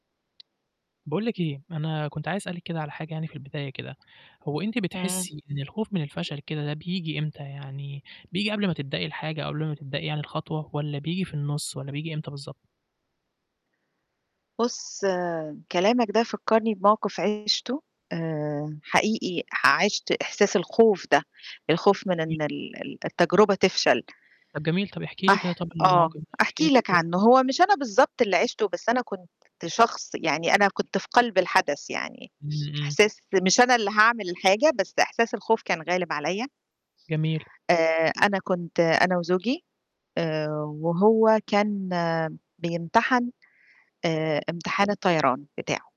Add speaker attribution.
Speaker 1: باقول لِك إيه أنا كنت عايز أسألِك كده على حاجة يعني في البداية كده، هو أنتِ
Speaker 2: إمم.
Speaker 1: بتحسي إن الخوف من الفشل كده ده بييجي إمتى يعني، بييجي قبل ما تبدئي الحاجة قبل ما تبدئي يعني الخطوة والَّا بييجي في النُص، والَّا بييجي إمتى بالضبط؟
Speaker 2: بُص، كلامك ده فكّرني بموقِف عِشته آآ، حقيقي عِشت إحساس الخوف ده، الخوف من
Speaker 1: جميل.
Speaker 2: إن ال ال التجربة تفشل.
Speaker 1: طب جميل. طب احكي لي كده
Speaker 2: هاح
Speaker 1: طب
Speaker 2: آه
Speaker 1: الموقِف ده، أو احكي لي
Speaker 2: أحكي لك
Speaker 1: التجربة.
Speaker 2: عنه هو مش أنا بالضبط اللي عِشته بس أنا كنت شخص يعني أنا كنت في قلب الحدث يعني،
Speaker 1: إمم إمم.
Speaker 2: إحساس مش أنا اللي هاعمل الحاجة بس إحساس الخوف كان غالب عليّا.
Speaker 1: جميل.
Speaker 2: آآ، أنا كنت أنا وزوجي آآ، وهو كان بيمتحن آآ، امتحان الطيران بتاعه.